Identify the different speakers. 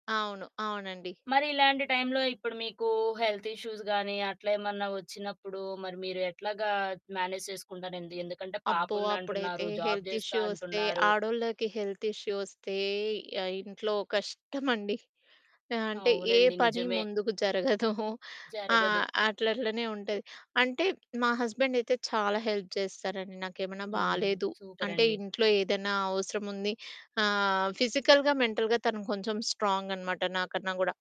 Speaker 1: అవును. అవునండి.
Speaker 2: మరి ఇలాంటి టైంలో ఇప్పుడు మీకు హెల్త్ ఇష్యూస్ గాని అట్లా ఏమన్నా వచ్చినప్పుడు మరి మీరు ఎట్లాగా మ్యానేజ్ చేసుకుంటారండి. ఎందుకంటే
Speaker 1: అబ్బో! అప్పుడైతే
Speaker 2: పాపుందంటున్నారు జాబ్
Speaker 1: హెల్త్
Speaker 2: చేస్తా
Speaker 1: ఇష్యూ వస్తే
Speaker 2: అంటున్నారు.
Speaker 1: ఆడోళ్ళకి హెల్త్ ఇష్యూ వస్తే ఆహ్, ఇంట్లో కష్టమండి. అంటే, ఏ
Speaker 2: అవునండి.
Speaker 1: పని
Speaker 2: నిజమే.
Speaker 1: ముందుకు జరగదు.
Speaker 2: జరగదు.
Speaker 1: ఆహ్, అట్లట్లనే ఉంటది. అంటే మా హస్బెండ్ అయితే చాలా హెల్ప్ చేస్తారండి. నాకేమైనా
Speaker 2: హ్మ్.
Speaker 1: బాలేదు అంటే,
Speaker 2: సూపరండి.
Speaker 1: ఇంట్లో ఏదైనా అవసరం ఉంది ఆహ్, ఫిజికల్‌గా మెంటల్‌గా తను కొంచెం స్ట్రాంగ్ అనమాట నాకన్నా గూడా.